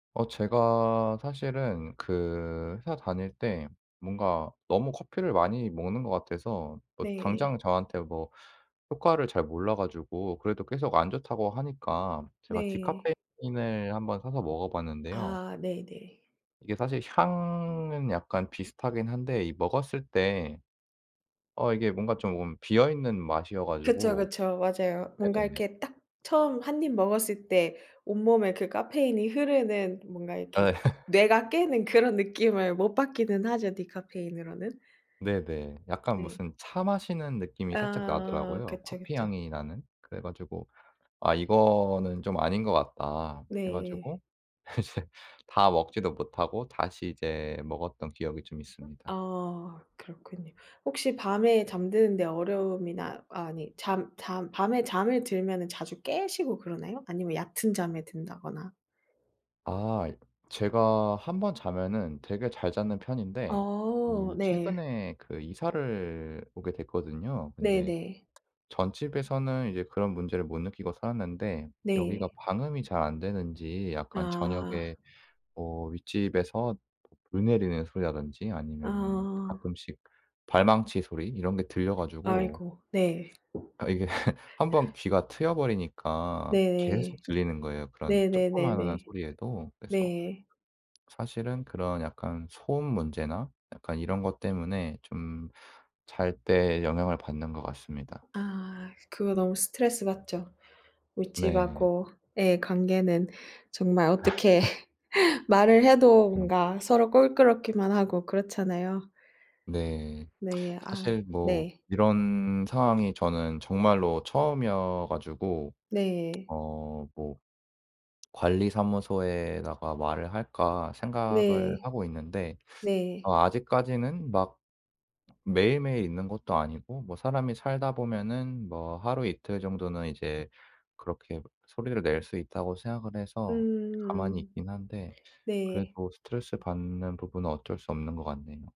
어 제가 사실은 그 회사 다닐 때 뭔가 너무 커피를 많이 먹는 것 같아서 뭐 네. 당장 저한테 뭐 효과를 잘 몰라 가지고 그래도 계속 안 좋다고 하니까 제가 네. 디카페인을 한번 사서 먹어 봤는데요. 아 네네. 이게 사실 향은 약간 비슷하긴 한데 이 먹었을 때 어 이게 뭔가 좀 비어 있는 맛이어 그쵸, 가지고 그쵸. 맞아요. 뭔가 네네. 이렇게 딱 처음 1 입 먹었을 때 온몸에 그 카페인이 흐르는 뭔가 아 이렇게 예. 뇌가 깨는 그런 느낌을 못 받기는 하죠 디카페인으로는. 네네. 약간 네. 무슨 차 마시는 느낌이 살짝 아 나더라고요, 그쵸, 커피 그쵸. 향이 나는. 그래 가지고 '아 이거는 좀 아닌 것 같다.' 해 네. 가지고 이제 다 먹지도 못하고 다시 이제 먹었던 기억이 좀 아 있습니다. 아 그렇군요. 혹시 밤에 잠드는데 어려움이나 아니 잠 잠 밤에 잠이 들면은 자주 깨시고 그러나요? 아니면 얕은 잠에 든다거나. 아 제가 1 번 자면은 되게 잘 자는 편인데 어 이 네. 최근에 그 이사를 오게 됐거든요. 근데 네네. 전 집에서는 이제 그런 문제를 못 느끼고 살았는데 네. 여기가 방음이 잘 안 되는지 약간 아. 저녁에 뭐 윗집에서 물 내리는 소리라든지 아니면은 아. 가끔씩 발망치 소리 이런 게 들려 가지고 아이고 네. 아 이게 1 번 귀가 트여 버리니까 계속 네네. 들리는 거예요 그런 조그마한 네네네네. 소리에도. 그래서 네. 사실은 그런 약간 소음 문제나 약간 이런 것 때문에 좀 잘 때 영향을 받는 것 같습니다. 아. 그거 너무 스트레스받죠. 네. 윗집하고의 관계는 정말 어떻게 말을 해도 음. 뭔가 서로 껄끄럽기만 하고 그렇잖아요. 네. 네. 아 사실 뭐 네. 이런 상황이 저는 정말로 처음이어 가지고 네. 어 뭐 '관리사무소에다가 말을 할까.' 생각을 네. 하고 있는데 네. 어 아직까지는 막 매일매일 있는 것도 아니고 뭐 사람이 살다 보면은 뭐 하루 이틀 정도는 이제 그렇게 소리를 낼 수 있다고 생각을 해서 가만히 음. 있긴 한데 네. 그래도 스트레스받는 부분은 어쩔 수 없는 것 같네요.